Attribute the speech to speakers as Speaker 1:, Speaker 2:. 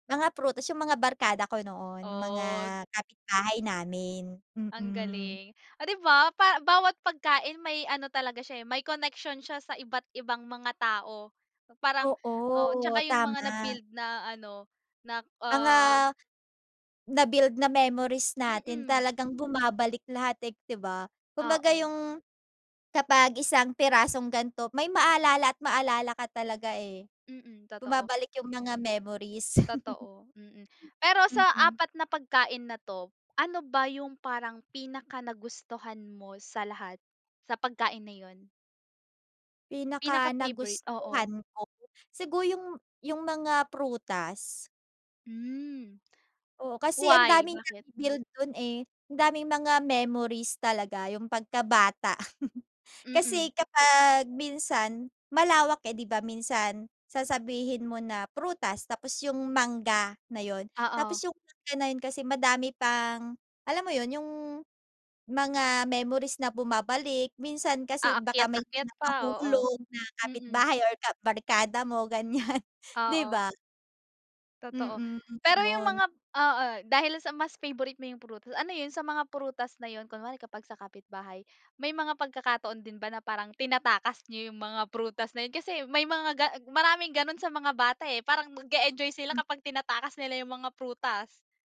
Speaker 1: Mga prutas, yung mga barkada ko noon, mga
Speaker 2: Oh.
Speaker 1: kapitbahay namin,
Speaker 2: Ang
Speaker 1: mm.
Speaker 2: galing! Oh di ba? Pa bawat pagkain may ano talaga siya eh, may connection siya sa iba't ibang mga tao. Parang o,
Speaker 1: Oo
Speaker 2: tsaka yung mga
Speaker 1: tama.
Speaker 2: na-build na ano, na
Speaker 1: Mga
Speaker 2: ah
Speaker 1: nabuild na memories natin
Speaker 2: Mm.
Speaker 1: talagang bumabalik lahat eh, di ba? Kumbaga
Speaker 2: Oo.
Speaker 1: yung kapag isang pirasong ganto, may maalala at maalala ka talaga eh.
Speaker 2: Mm, totoo.
Speaker 1: Bumabalik yung mga memories.
Speaker 2: Totoo, mhm. Pero sa
Speaker 1: Mm.
Speaker 2: apat na pagkain na to, ano ba yung parang pinaka-nagustuhan mo sa lahat? Sa pagkain na yun? Pinaka-favourite, oo.
Speaker 1: Pinaka-nagustuhan ko? Siguro yung yung mga prutas.
Speaker 2: Mm.
Speaker 1: Oo, kasi ang
Speaker 2: Why?
Speaker 1: daming
Speaker 2: Bakit?
Speaker 1: na-build dun eh. Ang daming mga memories talaga, yung pagkabata.
Speaker 2: Mm.
Speaker 1: Kasi kapag minsan, malawak eh, di ba? Minsan sasabihin mo na prutas, tapos yung mangga na yun. Tapos
Speaker 2: Oo.
Speaker 1: yung mangga na yun kasi madami pang alam mo yun? Yung mga memories na bumabalik, minsan kasi baka may
Speaker 2: Aakyat-ayat
Speaker 1: mga
Speaker 2: pa, oo,
Speaker 1: nahulog na
Speaker 2: mm.
Speaker 1: kapitbahay or kabarkada mo ganyan, di
Speaker 2: Oo.
Speaker 1: ba?
Speaker 2: Totoo.
Speaker 1: Mm,
Speaker 2: Pero yung
Speaker 1: ganun.
Speaker 2: mga oo, dahil sa mas favourite mo yung prutas, ano yun? Sa mga prutas na yun kunwari, kapag sa kapitbahay. May mga pagkakataon din ba na parang tinatakas niyo yung mga prutas na yun? Kasi may mga ga maraming ganun sa mga bata eh, parang nag-e-enjoy sila
Speaker 1: Mm.
Speaker 2: kapag tinatakas nila yung mga prutas?